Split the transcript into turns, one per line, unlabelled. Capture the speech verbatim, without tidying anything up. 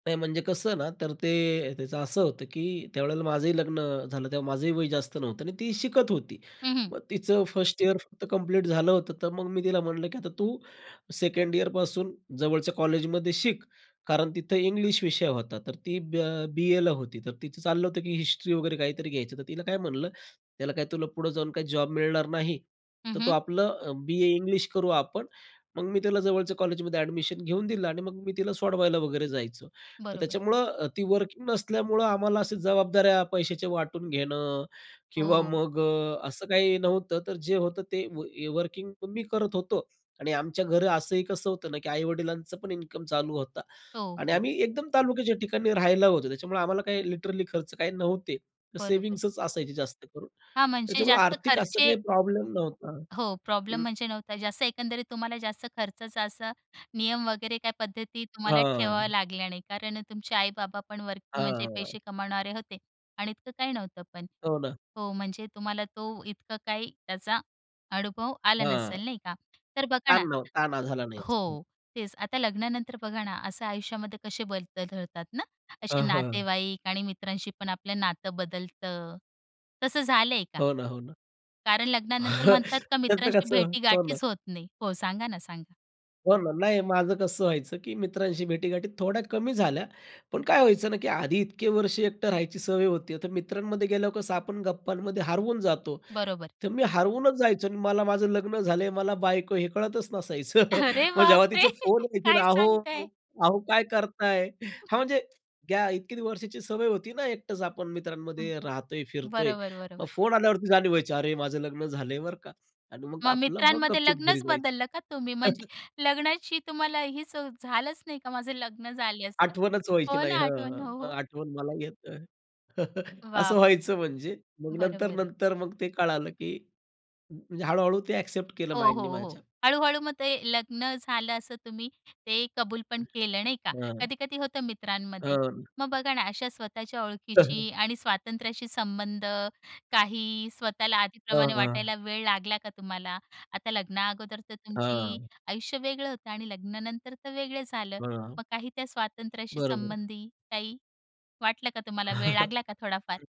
नाही, म्हणजे कसं ना, तर ते त्याचं असं होतं, की त्यावेळेला माझंही लग्न झालं, तेव्हा माझंही वय जास्त नव्हतं आणि ती शिकत होती.
हं, हं.
मग तिचं फस्ट इयर फक्त कंप्लीट झालं होतं, तर मग मी तिला म्हणलं, की "आता तू सेकंड इयरपासून जवळच्या कॉलेजमध्ये शिक" कारण तिथं इंग्लिश विषय होता. तर ती ब बीएला होती. तर तिचं चाललं होतं की हिस्ट्री वगैरे काहीतरी घ्यायचं, तर तिला काय म्हणलं, "त्याला काय तुला पुढे जाऊन काही जॉब मिळणार नाही,
हं,
तर तू
हं.
आपला अ, बीए इंग्लिश करू आपण," मग मी तिला जवळच्या कॉलेजमध्ये अ‍ॅडमिशन घेऊन दिलं आणि मग मी तिला सोडवायला वगैरे जायचो. तर
बरोबर.
त्याच्यामुळं अ, ती वर्किंग नसल्यामुळं आम्हाला अशी जबाबदाऱ्या पैशाचे वाटून घेणं किंवा
हो.
मग अ, असं काही नव्हतं. तर जे होतं ते व य वर्किंग तर मी करत होतो आणि आमच्या घरं असंही कसं होतं ना, की आई-वडिलांचा पण इन्कम चालू होता
हो,
आणि
हो.
आम्ही एकदम तालुक्याच्या ठिकाणी राहायला होतो. त्याच्यामुळे आम्हाला काही लिटरली खर्च काही नव्हते. तर
बरोबर.
सेव्हिंग्सच असायचे जास्त करून,
हां, म्हणजे
त्याच्यामुळे
जास्त
आर्थिक असा
खर्चे
काही प्रॉब्लेम नव्हता
हो, प्रॉब्लेम
हं.
म्हणजे नव्हता जास्त एकंदरीत तुम्हाला जास्त खर्चाचा असा, नियम वगैरे काय पद्धती तुम्हाला ठेवाव्या
हां.
लागल्या नाही कारण अ, तुमचे आई-बाबा पण वर्किंग म्हणजे
हां.
पैसे कमावणारे होते आणि इतकं काही नव्हतं पण
हो ना.
हो, म्हणजे तुम्हाला तो इतका काही त्याचा अनुभव आला
हां.
नसेल, नाही का? तर बघा
ताण
ना
नव्ह ताणा झाला नाही [unintelligible] हं.
हो, तेच आता लग्नानंतर बघा ना, असं आयुष्यामध्ये कसे बदल घडतात ना, असे
हां, हां.
नातेवाईक आणि मित्रांशी पण आपलं नातं बदलतं, तसं झालंय का?
हो ना, हो ना.
कारण लग्नानंतर म्हणतात का
त्याचं
मित्रांशी
कसं हो ना.
भेटीगाठीच होत नाही हो, सांगा ना, सांगा?
हो ना. नाही माझं कसं व्हायचं, की मित्रांशी भेटीगाठी थोड्या कमी झाल्या, पण काय व्हायचं ना, की आधी इतके वर्ष एकटं राहायची सवय होती, आता मित्रांमध्ये गेल्यावर कसं आपण गप्पांमध्ये हरवून जातो.
बरोबर.
तर मी हरवूनच जायचो अन् मला माझं लग्न झालंय, मला बायको आहे हे कळतच नसायचं.
अरे
मग जेव्हा
बापरे!
तिचा फोन व्हायचं,
काय
"अहो
सांगताय?
अहो काय करताय?" हां, म्हणजे या इतकी वर्षाची सवय होती ना एकटंच आपण
हं.
मित्रांमध्ये राहतोय, फिरतोय.
बरोबर,
मग
बरोबर.
फोन आल्यावरती जाणीव व्हायची अरे, माझं लग्न झालंय, बरं का आणि मग
मग
आपलं मग
मित्रांमध्ये
गपचूप घरी
लग्नच
जायचं.
बदललं का तुम्ही, म्हणजे लग्नाची तुम्हाला हीच अ, झालंच नाही का, माझं लग्न झाले असं?
आठवणच व्हायची
हो
नाही
ना,
हं,
आठवण हो,
हं.
हो.
आठवण मला येतय,
वाह!
असं व्हायचं म्हणजे मग
बरोबर आहे.
नंतर-नंतर मग ते कळालं, की म्हणजे हळू-हळू ते अ‍ॅक्सेप्ट केलं
हो,
माइंडनी
हो, हो.
माझ्या.
हळू-हळू मग ते लग्न झालं असं तुम्ही ते कबूल पण केलं, नाही का,
हां.
कधी-कधी होतं मित्रांमध्ये.
हां.
मग बघा ना, अशा स्वतःच्या ओळखीची
[unintelligible]
आणि स्वातंत्र्याशी संबंध, काही स्वतःला
हां,
आधीप्रमाणे
हां.
वाटायला वेळ लागला का तुम्हाला? आता लग्ना अगोदर तर तुमची
हां.
आयुष्य वेगळं होतं आणि लग्नानंतर तर वेगळं झालं.
हां.
मग काही त्या स्वातंत्र्याशी
बरोबर आहे.
संबंधी काही वाटलं का तुम्हाला, वेळ
हं.
लागला का थोडाफार?